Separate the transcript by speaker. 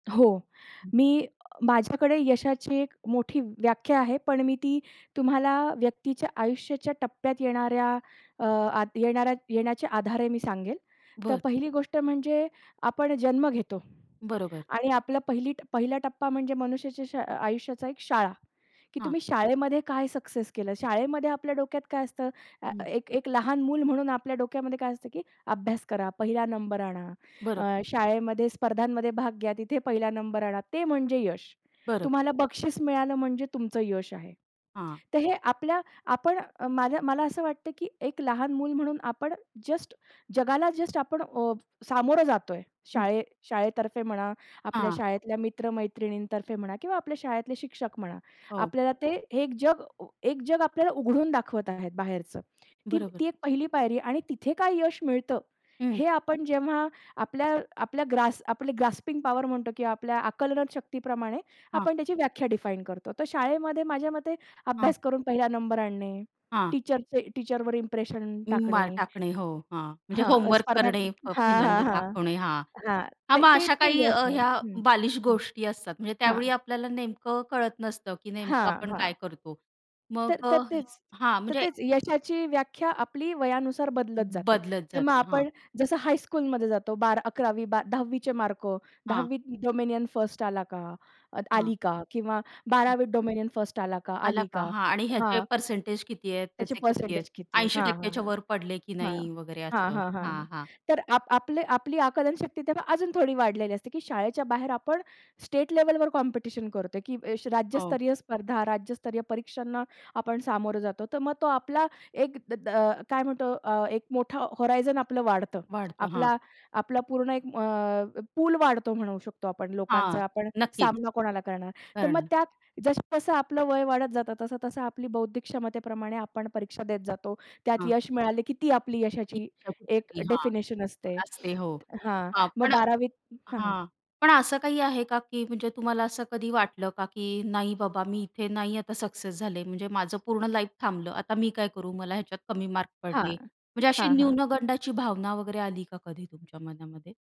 Speaker 1: हो. मी अ, माझ्याकडे यशाची एक मोठी व्याख्या आहे, पण मी ती तुम्हाला व्यक्तीच्या आयुष्याच्या टप्प्यात येणाऱ्या अ, आता येणाऱ्या येण्याच्या आधारे मी सांगेल. तर
Speaker 2: बरं.
Speaker 1: पहिली गोष्ट म्हणजे आपण जन्म घेतो
Speaker 2: बरोबर.
Speaker 1: आणि आपलं पहिली पहिला टप्पा म्हणजे मनुष्याच्या श आयुष्याचा एक शाळा, की
Speaker 2: हां.
Speaker 1: तुम्ही शाळेमध्ये काय सक्सेस केलं. शाळेमध्ये आपल्या डोक्यात काय असतं? अ,
Speaker 2: हं.
Speaker 1: एक एक लहान मूल म्हणून आपल्या डोक्यामध्ये काय असतं, की अभ्यास करा, पहिला नंबर आणा,
Speaker 2: बरं.
Speaker 1: अ, शाळेमध्ये स्पर्धांमध्ये भाग घ्या तिथे पहिला नंबर आणा. ते म्हणजे यश.
Speaker 2: बरं.
Speaker 1: तुम्हाला बक्षीस मिळालं म्हणजे तुमचं यश आहे.
Speaker 2: हां.
Speaker 1: तर हे आपल्या आपण मला मला असं वाटतं, की एक लहान मूल म्हणून आपण जस्ट जगाला जस्ट आपण अ, सामोरं जातोय.
Speaker 2: हं.
Speaker 1: शाळे शाळेतर्फे म्हणा, आपल्या
Speaker 2: हां.
Speaker 1: शाळेतल्या मित्र-मैत्रिणीतर्फे म्हणा किंवा आपल्या शाळेतले शिक्षक म्हणा,
Speaker 2: हो.
Speaker 1: आपल्याला ते एक जग एक जग अ, आपल्याला उघडून दाखवत आहेत बाहेरच. ती
Speaker 2: बरोबर.
Speaker 1: ती एक पहिली पायरी आणि तिथे काय यश मिळतं
Speaker 2: हं.
Speaker 1: हे आपण जेव्हा आपल्या आपल्या ग्रास आपले ग्रास्पिंग पॉवर म्हणतो किंवा आपल्या आकलन शक्तीप्रमाणे
Speaker 2: हां.
Speaker 1: आपण त्याची व्याख्या डिफाईन करतो. तर शाळेमध्ये माझ्या मते
Speaker 2: हां.
Speaker 1: अभ्यास करून पहिला नंबर आणणे,
Speaker 2: हां.
Speaker 1: टीचरचे टीचरवर इंप्रेशन
Speaker 2: उम्म, माळ
Speaker 1: टाकणे,
Speaker 2: टाकणे हो, हां, म्हणजे
Speaker 1: हां
Speaker 2: होमवर्क
Speaker 1: स्पर्धां
Speaker 2: करणे
Speaker 1: हां, हां,
Speaker 2: पहिल्यांदा
Speaker 1: हां,
Speaker 2: दाखवणे हां.
Speaker 1: हां.
Speaker 2: हां,
Speaker 1: ते
Speaker 2: मग
Speaker 1: ते
Speaker 2: अशा
Speaker 1: ते
Speaker 2: काही
Speaker 1: यश
Speaker 2: अ,
Speaker 1: आहे
Speaker 2: ह्या
Speaker 1: हं.
Speaker 2: बालिश
Speaker 1: हं.
Speaker 2: गोष्टी असतात, म्हणजे त्यावेळी
Speaker 1: हां.
Speaker 2: आपल्याला नेमकं कळत नसतं की नेमकं
Speaker 1: हां,
Speaker 2: आपण
Speaker 1: हां.
Speaker 2: काय करतो? मग
Speaker 1: तर तर
Speaker 2: अ,
Speaker 1: तेच
Speaker 2: हां,
Speaker 1: तर
Speaker 2: म्हणजे
Speaker 1: तेच यशाची व्याख्या आपली वयानुसार बदलत जाते.
Speaker 2: बदलत
Speaker 1: तर मग
Speaker 2: जाते हां.
Speaker 1: आपण जसं हायस्कूलमध्ये जातो बारा 11 वी, 10 वी चे मार्क,
Speaker 2: हां.
Speaker 1: 10 वी त डोमिनियन फर्स्ट अ,
Speaker 2: हां.
Speaker 1: आली का? किंवा 12 वी त डोमिनियन फर्स्ट आला का
Speaker 2: आला
Speaker 1: आली
Speaker 2: का?
Speaker 1: का?
Speaker 2: हां आणि ह्याचे अ,
Speaker 1: हां.
Speaker 2: पर्सेंटेज किती आहेत,
Speaker 1: त्याची
Speaker 2: त्याचे किती आहेत
Speaker 1: पर्सेंटेज किती आहे?
Speaker 2: ऐंशी
Speaker 1: हां,
Speaker 2: टक्के
Speaker 1: हां,
Speaker 2: च्यावर पडले की
Speaker 1: हां हां,
Speaker 2: नाही वगैरे
Speaker 1: हां.
Speaker 2: असं
Speaker 1: हां, हां,
Speaker 2: हां, हां.
Speaker 1: तर आप आपले आपली आकलनशक्ती तेव्हा अजून थोडी वाढलेली असते की, शाळेच्या बाहेर आपण स्टेट लेव्हलवर कॉम्पिटिशन करतोय, की ये
Speaker 2: हो.
Speaker 1: राज्यस्तरीय स्पर्धा, राज्यस्तरीय परीक्षांना आपण सामोरं जातो, तर मग तो आपला एक अ, काय म्हणतो अ, एक मोठा होरायझन आपलं वाढतं.
Speaker 2: वाढतं. हां.
Speaker 1: आपला आपला पूर्ण एक अ, पूल वाढतो म्हणू शकतो आपण
Speaker 2: हां,
Speaker 1: लोकांचा, आपण
Speaker 2: नक्कीच.
Speaker 1: सामना कोणाला करणार? तर मग
Speaker 2: करणं
Speaker 1: त्यात जसं-जसं आपलं वय वाढत जातं तसं-तसं आपली बौद्धिक क्षमतेप्रमाणे आपण परीक्षा देत जातो. त्यात
Speaker 2: हां.
Speaker 1: यश मिळालं, की ती आपली यशाची
Speaker 2: इच्छाच
Speaker 1: एक
Speaker 2: उडाली अ, हां,
Speaker 1: डेफिनेशन असते
Speaker 2: असते. हो
Speaker 1: हां
Speaker 2: हां,
Speaker 1: मग
Speaker 2: पण
Speaker 1: 12 वी त हां, हां.
Speaker 2: हां, पण असं काही आहे का की म्हणजे तुम्हाला असं कधी वाटलं का? की नाही बाबा मी इथे नाही आता सक्सेस झाले म्हणजे माझं पूर्ण लाईफ थांबलं आता मी काय करू. मला ह्याच्यात कमी मार्क पडले.
Speaker 1: हां,
Speaker 2: म्हणजे अशी
Speaker 1: हां, हां.
Speaker 2: न्यूनगंडाची भावना वगैरे आली का कधी तुमच्या मनामध्ये?